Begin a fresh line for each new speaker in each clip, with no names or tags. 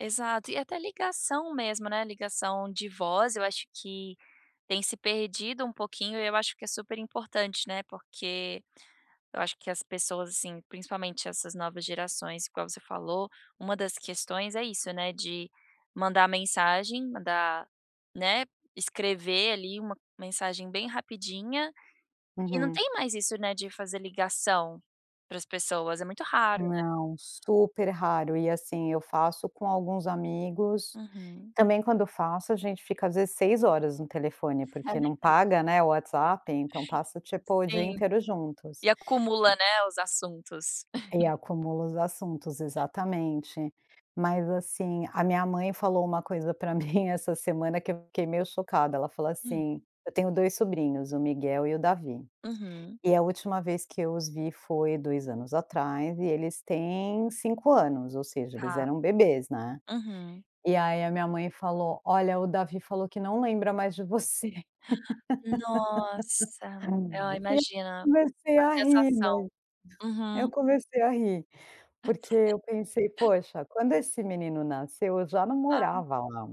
Exato, e até ligação mesmo, né, ligação de voz eu acho que tem se perdido um pouquinho e eu acho que é super importante, né, porque eu acho que as pessoas assim principalmente essas novas gerações igual você falou, uma das questões é isso, né, de mandar mensagem, mandar, né, escrever ali uma mensagem bem rapidinha e não
Uhum.
tem mais isso, né, de fazer ligação pra as pessoas, é muito raro, né.
Não, super raro e assim eu faço com alguns amigos,
Uhum.
também quando eu faço a gente fica às vezes 6 horas no telefone
É
porque não
verdade.
paga, né, o WhatsApp então passa tipo o dia
Sim,
inteiro juntos.
e acumula, né, os assuntos.
E acumula os assuntos, exatamente. Mas assim, a minha mãe falou uma coisa pra mim essa semana que eu fiquei meio chocada, ela falou
Hum.
assim: "Eu tenho 2 sobrinhos, o Miguel e o Davi.
Uhum.
E a última vez que eu os vi foi 2 anos atrás e eles têm 5 anos, ou seja, eles
Ah,
eram bebês, né".
uhum.
E aí a minha mãe falou: "Olha o Davi falou que não lembra mais de você",
Nossa! Ah
eu
imagina,
comecei
a
a rir,
sensação,
mas eu
uhum.
comecei a rir, porque eu pensei poxa, quando esse menino nasceu eu já não
Hã.
morava lá.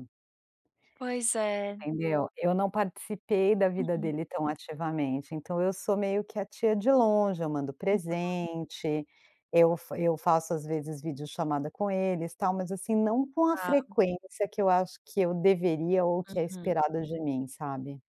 Pois é.
Entendeu? Eu não participei da vida
Uhum.
dele tão ativamente então eu sou meio que a tia de longe, eu mando
[unintelligible]
presente, eu fa eu faço às vezes video chamada com eles tal, mas assim não com a
Está.
frequência que eu acho que eu deveria ou que é
Uhum.
esperada de mim sabe.